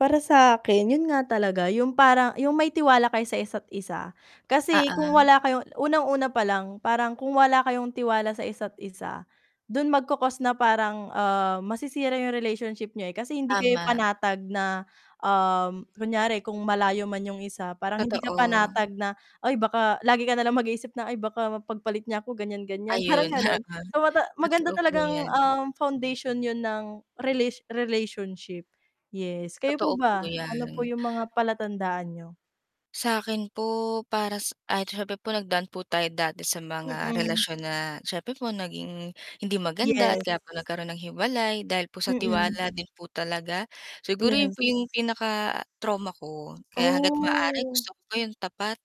Para sakin yun nga talaga yung parang yung may tiwala kayo sa isa't isa. Kasi kung Oo. wala kayong unang una palang parang kung wala kayong tiwala sa isa't isa dun magco cause na parang, ah, masisira yung relationship niyo. Eh, kasi hindi kayo Tama. panatag na, um, kunyari kung malayo man 'yung isa parang hindi ka Totoo. panatag na, ay, baka lagi ka nalang mag-isip na, ay, baka mapagpalit niya ako gan'yan gan'yan parang Ayun. Oo. gano'n. So, maganda Totoo po talagang, 'yan. um, foundation 'yun ng relation relationship. Yes, kayo Totoo po po ba ano po 'yan. yung mga palatandaan niyo? Sakin po, para s ay, siyempre po nagdaan po tayo dati sa mga Mm. relasyon na siyempre po naging hindi maganda. At Yes. kaya po nagkaroon ng hiwalay dahil sa Mm. tiwala din po talaga, siguro yung Yes. po yung pinaka trauma ko kaya hangga't maaari Oh. gusto ko po 'yung tapat,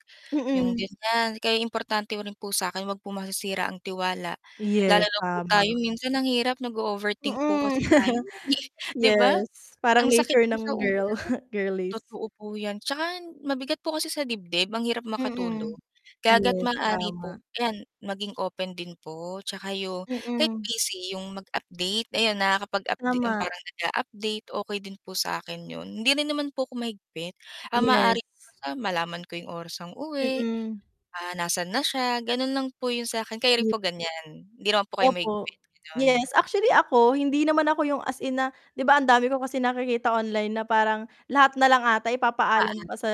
'yung Mm. gan'yan kaya importante rin po sa 'kin huwag po masisira ang tiwala. Lalo Yes, na po tama. tayo minsan ang hirap nag-o overthink po Mm, kasi tayo, eh, 'di ba, yes, parang ang sakit nature po sa ng ulo. girl, girlies. Totoo po 'yan tsaka mabigat po kasi sa dibdib ang hirap makatulog Mm, kaya hangga't yes, maaari po, tama. ayan maging open din po. Tsaka yung kahit Mm. busy 'yung mag-update, ayan, nakakapag update Tama. parang nag-a-update, okey din po sakin 'yun, hindi rin naman po ako mahigpit. Ang Yes. maaari ko malaman ko 'yung oras ang uwi, Mm. ah, nasan na siya ganon lang po yung sakin. Kayo rin po ganyan, hindi naman po kayo Opo, mahigpit, ganon? yes, actually ako hindi naman ako yung as in na, 'di ba, ang dami ko kasi nakikita online na parang lahat na lang ata ipapaalam Oo. pa sa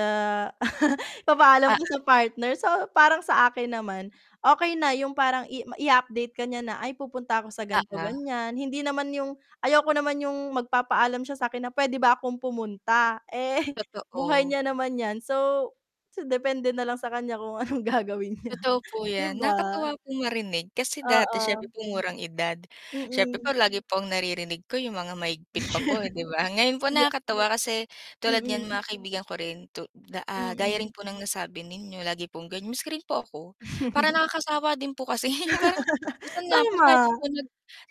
ipapaalam pa Oo. sa partner. So, parang sa akin naman, okey na yung parang i-update ka niya na, ay pupunta ako sa ganito Oo. ganyan. Hindi naman yung ayoko naman yung magpapaalam siya sa akin na pwede ba akong pumunta, eh buhay Totoo. niya naman 'yan. So so depende na lang sa kanya kung anong gagawin niya, Totoo po 'di 'yan, ba? nakakatuwa pong marinig kasi dati syempre Oo. po murang edad, siyempre po Mm lagi pong naririnig ko 'yung mga mahigpit pa po 'di ba? Ngayon po Ya nakakatuwa kasi tulad niyan Mm. mga kaibigan ko rin tu ah, gaya Mm. rin po ng nasabi ninyo lagi pong gano'n miski rin po ako parang nakakasawa din po kasi parang minsan nga po tayo Tama. nag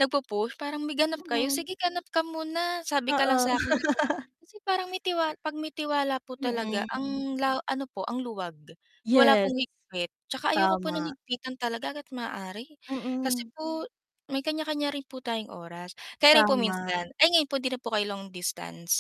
nag-po-push parang may ganap kayo Mm. "Sige ganap ka muna sabi ka lang Oo. sakin" kasi parang may pag mi tiwala po talaga Mm. ang la ano po ang luwag wala Yes. pong higpit tsaka ayoko po ng Tama. higpitan talaga ga't maaari. Kasi Mm. po may kan'ya kan'ya rin po tayong oras, kayo rin po Tama. minsan? Ay, ngayon po di na po kayo long distance?